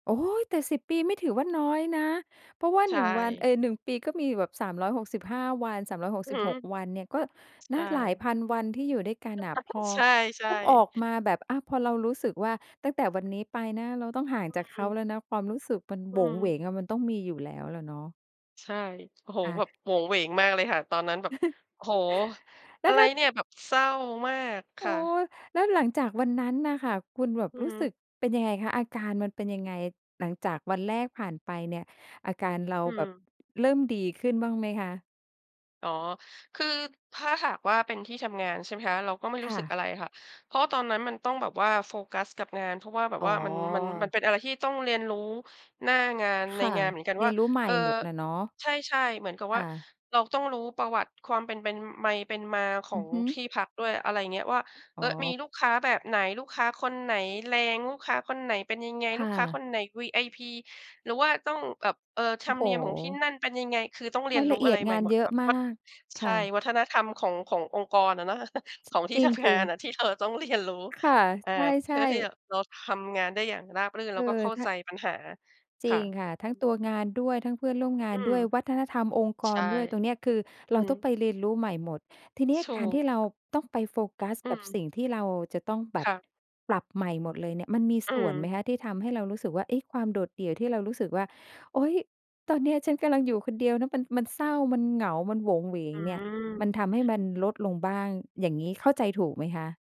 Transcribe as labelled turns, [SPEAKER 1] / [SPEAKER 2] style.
[SPEAKER 1] โอ๊ย แต่ 10 ปีไม่ถือว่าน้อยนะ เพราะว่า
[SPEAKER 2] ใช
[SPEAKER 1] 1 วัน เ
[SPEAKER 2] ่
[SPEAKER 1] อ่อ 1 ปีก็มีแบบ 365 วัน สามร้อยหก
[SPEAKER 2] อื
[SPEAKER 1] ส
[SPEAKER 2] ้อ
[SPEAKER 1] ิบ
[SPEAKER 2] ฮื
[SPEAKER 1] ห
[SPEAKER 2] อ
[SPEAKER 1] ก วันเนี่ยก็
[SPEAKER 2] ใ
[SPEAKER 1] น
[SPEAKER 2] ช
[SPEAKER 1] ะ
[SPEAKER 2] ่
[SPEAKER 1] หลายพันวันที่อยู่ด้วยกันน่ะ พอ
[SPEAKER 2] ใช่
[SPEAKER 1] ต้องออก
[SPEAKER 2] ๆ
[SPEAKER 1] มาแบบ อะ พอเรารู้สึกว่า ตั้งแต่วันนี้ไปนะ เราต้องห่าง
[SPEAKER 2] อื
[SPEAKER 1] จากเขา
[SPEAKER 2] ม
[SPEAKER 1] แล้วนะ ความรู้สึกมันโ
[SPEAKER 2] อ
[SPEAKER 1] ห
[SPEAKER 2] ื
[SPEAKER 1] วงเหว
[SPEAKER 2] ม
[SPEAKER 1] งอะ มันต้องมีอยู่แล้วแหละเนาะ
[SPEAKER 2] ใช่ โอ้โฮ
[SPEAKER 1] ค่
[SPEAKER 2] แบบ
[SPEAKER 1] ะ
[SPEAKER 2] โหวงเหวงมากเลยค่ะ ตอนนั้นแบบ โอ้โฮ
[SPEAKER 1] แล
[SPEAKER 2] อ
[SPEAKER 1] ้
[SPEAKER 2] ะ
[SPEAKER 1] ว
[SPEAKER 2] ไร
[SPEAKER 1] ถ้า
[SPEAKER 2] เนี่ยแบบเศร้ามากค
[SPEAKER 1] โอ้
[SPEAKER 2] ่ะ
[SPEAKER 1] แล้วหลังจากวันนั้นน่ะค่ะ คุณแบบ
[SPEAKER 2] อื
[SPEAKER 1] ร
[SPEAKER 2] อ
[SPEAKER 1] ู้
[SPEAKER 2] ฮึ
[SPEAKER 1] สึกเป็นยังไงคะ? อาการมันเป็นยังไง? หลังจากวันแรกผ่านไปเนี่ย อาการเรา
[SPEAKER 2] อื
[SPEAKER 1] แบบ
[SPEAKER 2] ม
[SPEAKER 1] เริ่มดีขึ้นบ้างไหมคะ?
[SPEAKER 2] อ๋อ คือถ้าหากว่า เป็นที่ทำงานใช่ไหมคะ เราก็ไม่
[SPEAKER 1] ค
[SPEAKER 2] รู้
[SPEAKER 1] ่
[SPEAKER 2] สึก
[SPEAKER 1] ะ
[SPEAKER 2] อะไรอะค่ะ เพราะว่าตอนนั้นมันต้องแบบว่าโฟกัสกับงาน เพราะว่าแบบ
[SPEAKER 1] อ๋
[SPEAKER 2] ว
[SPEAKER 1] อ
[SPEAKER 2] ่ามัน มัน มันเป็นอะไรที่ต้องเรียนรู้หน้างานใ
[SPEAKER 1] ค
[SPEAKER 2] น
[SPEAKER 1] ่ะ
[SPEAKER 2] งานเหมือนกัน
[SPEAKER 1] เร
[SPEAKER 2] ว่
[SPEAKER 1] ีย
[SPEAKER 2] า
[SPEAKER 1] นรู้ใหม
[SPEAKER 2] เ
[SPEAKER 1] ่
[SPEAKER 2] อ่อ
[SPEAKER 1] หมดอะเนาะ
[SPEAKER 2] ใช่ ๆ เหมือนกับ
[SPEAKER 1] ค
[SPEAKER 2] ว่า
[SPEAKER 1] ่ะ
[SPEAKER 2] เราต้องรู้ประวัติความเป็น เป็น ไมเป็นมาขอ
[SPEAKER 1] อือ
[SPEAKER 2] ง
[SPEAKER 1] ฮึ
[SPEAKER 2] ที่พักด้วย อะไรอย่างเงี้ยว่า
[SPEAKER 1] อ
[SPEAKER 2] เ
[SPEAKER 1] ๋
[SPEAKER 2] ออ มี
[SPEAKER 1] อ
[SPEAKER 2] ลูกค้าแบบไหน ลูกค้าคนไหนแรง ลูกค้าคนไหนเป็นยังไง
[SPEAKER 1] ค
[SPEAKER 2] ลู
[SPEAKER 1] ่
[SPEAKER 2] กค้าค
[SPEAKER 1] ะ
[SPEAKER 2] นไหน VIP หรือว่าต้องแบบ เอ่อ ธ
[SPEAKER 1] โ
[SPEAKER 2] ร
[SPEAKER 1] อ้
[SPEAKER 2] รม
[SPEAKER 1] โฮ
[SPEAKER 2] เนียมของที่นั่นเป็นยังไง คือต้องเรี
[SPEAKER 1] ร
[SPEAKER 2] ยน
[SPEAKER 1] าย
[SPEAKER 2] รู
[SPEAKER 1] ล
[SPEAKER 2] ้
[SPEAKER 1] ะเอ
[SPEAKER 2] อะ
[SPEAKER 1] ี
[SPEAKER 2] ไ
[SPEAKER 1] ย
[SPEAKER 2] ร
[SPEAKER 1] ด
[SPEAKER 2] ให
[SPEAKER 1] ง
[SPEAKER 2] ม่
[SPEAKER 1] าน
[SPEAKER 2] หม
[SPEAKER 1] เ
[SPEAKER 2] ด
[SPEAKER 1] ยอ
[SPEAKER 2] แบ
[SPEAKER 1] ะ
[SPEAKER 2] บ
[SPEAKER 1] ม
[SPEAKER 2] วั
[SPEAKER 1] า
[SPEAKER 2] ด
[SPEAKER 1] ก
[SPEAKER 2] ใช
[SPEAKER 1] ค
[SPEAKER 2] ่
[SPEAKER 1] ่ะ
[SPEAKER 2] วัฒนธรรมของ ขององค์กรอะเนาะ ของท
[SPEAKER 1] จ
[SPEAKER 2] ี่
[SPEAKER 1] ร
[SPEAKER 2] ทำงา
[SPEAKER 1] ิ
[SPEAKER 2] น
[SPEAKER 1] ง
[SPEAKER 2] อ
[SPEAKER 1] ๆ
[SPEAKER 2] ะ ที่เธอต้องเรียนรู้
[SPEAKER 1] ค่ะ
[SPEAKER 2] อา
[SPEAKER 1] ใ
[SPEAKER 2] เพ
[SPEAKER 1] ช
[SPEAKER 2] ื
[SPEAKER 1] ่
[SPEAKER 2] ่อที่
[SPEAKER 1] ๆ
[SPEAKER 2] จะ เราทำงานได้อย่างราบรื่น
[SPEAKER 1] เ
[SPEAKER 2] แ
[SPEAKER 1] อ
[SPEAKER 2] ล้วก็เข้า
[SPEAKER 1] อ ท
[SPEAKER 2] ใจปัญหา
[SPEAKER 1] จ
[SPEAKER 2] ค
[SPEAKER 1] ริ
[SPEAKER 2] ่
[SPEAKER 1] งค่ะ ทั้งต
[SPEAKER 2] ะ
[SPEAKER 1] ัวงานด้วย ทั้งเพื่อนร่วมงา
[SPEAKER 2] อื
[SPEAKER 1] น
[SPEAKER 2] ม
[SPEAKER 1] ด้วย วัฒนธรรมองค์ก
[SPEAKER 2] ใช
[SPEAKER 1] ร
[SPEAKER 2] ่
[SPEAKER 1] ด้วย ตรงเนี้ย คือ
[SPEAKER 2] อื
[SPEAKER 1] เราต้องไ
[SPEAKER 2] ม
[SPEAKER 1] ปเรียนรู้ใหม่หมด ทีนี้
[SPEAKER 2] ถ
[SPEAKER 1] ก
[SPEAKER 2] ู
[SPEAKER 1] าร
[SPEAKER 2] ก
[SPEAKER 1] ที่เราต้องไปโฟกัส
[SPEAKER 2] อื
[SPEAKER 1] กับ
[SPEAKER 2] ม
[SPEAKER 1] สิ่งที่เราจะต้องแบ
[SPEAKER 2] ค
[SPEAKER 1] บ
[SPEAKER 2] ่ะ
[SPEAKER 1] ปรับใหม่หมดเลยเนี่ย มันมี
[SPEAKER 2] อื
[SPEAKER 1] ส่วน
[SPEAKER 2] ม
[SPEAKER 1] ไหมคะที่ทำให้เรารู้สึกว่า เอ๊ะ ความโดดเดี่ยวที่เรารู้สึกว่า โอ๊ย ตอนนี้ฉันกำลังอยู่คนเดียวนะ มัน มันเศร้า มันเหงา มันโหวงเหวง
[SPEAKER 2] อื
[SPEAKER 1] เนี่ย
[SPEAKER 2] ม
[SPEAKER 1] มันทำให้มันลดลงบ้าง อย่างงี้เข้าใจถูกไหมคะ?